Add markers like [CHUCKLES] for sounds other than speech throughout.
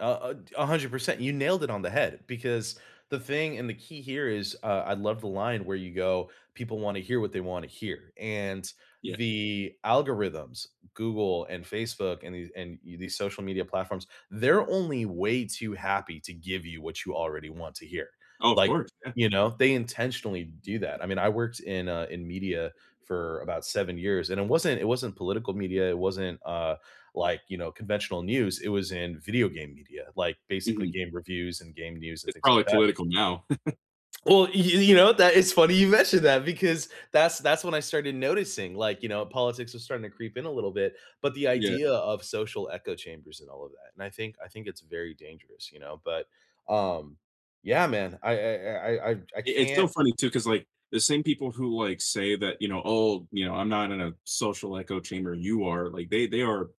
A a t 100%, You nailed it on the head, because the thing and the key here is, uh, I love the line where you go, "People wanna hear what they wanna hear." And Yeah. the algorithms, Google and Facebook and the and, eh, these social media platforms, they're only way too happy to give you what you already want to hear. Oh, of Like, course, yeah. you know, they intentionally do that, I mean, I worked in, uh, in media for about 7 years, and it wasn't it wasn't political media, it wasn't, uh, like, you know, conventional news. It was in video game media, like, basically Mhm. game reviews and game news and It's things like probably that. political now. [CHUCKLES] Well, y you know, that is funny you mentioned that because that's that's when I started noticing, like, you know, politics are starting to creep in a little bit, but the Yeah. idea of social echo chambers and all of that, and I think I think it's very dangerous, you know, but, um yeah, man, I I I I I I it's so can't funny, too, 'cause, like, the same people who, like, say that, you know, "Oh" you know, "...I'm not in a social echo chamber. You are." Like, they they are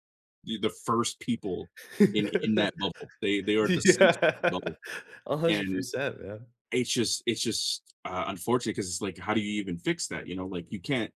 e the first people in in [LAUGHS] that bubble. They they are the center of the Yeah. bubble, a hundred and percent, man. it's just it's just, uh, unfortunate 'cause it's like, how do you even fix that? You know? Like, you can't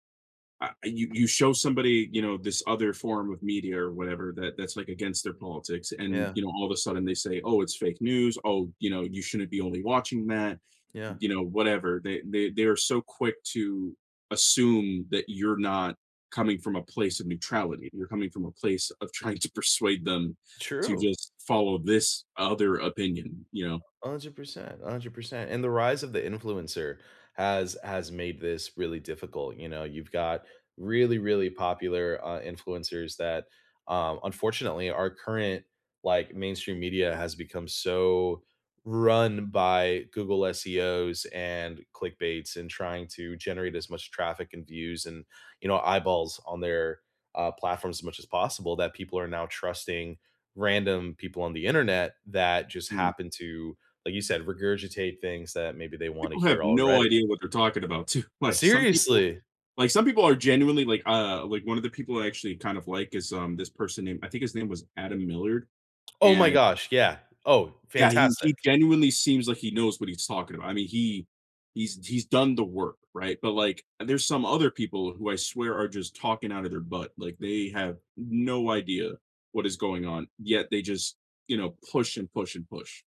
a you you show somebody, you know, this other form of media or whatever that that's like against their politics, and, Yeah. you know, all of a sudden they say, "Oh, it's fake news. Oh, you know, you shouldn't be only watching that." Yeah. You know, whatever. They they they are so quick to assume that you're not coming from a place of neutrality, you're coming from a place of trying to persuade them to True. just follow this o other opinion, you know? 100%, 100%. And the rise of the influencer has has made this really difficult, you know? You've got really, really popular, uh, influencers that, uh, unfortunately, our current, like, mainstream media has become so run by Google SEOs and clickbait's and trying to generate as much traffic and views and, you know, eyeballs on their, uh, platforms as much as possible that people are now trusting random people on the Internet that just Mm. happen to, like you said, regurgitate things that maybe they wanna People have hear no already. idea what they're talking about, too. Like, some people Seriously! like, some people are genuinely like, uh like, one of the people I actually kind of like is, um, this person named I think his name was Adam Millard, Oh, my and gosh, yeah. Oh, Yeah, he he fantastic. genuinely seems like he knows what he's talking about. I mean, he he's he's done the work, right? But, like, eh, there's some other people who I swear are just talking out of their butt, like, they have no idea what is going on, yet they just, you know, push and push and push.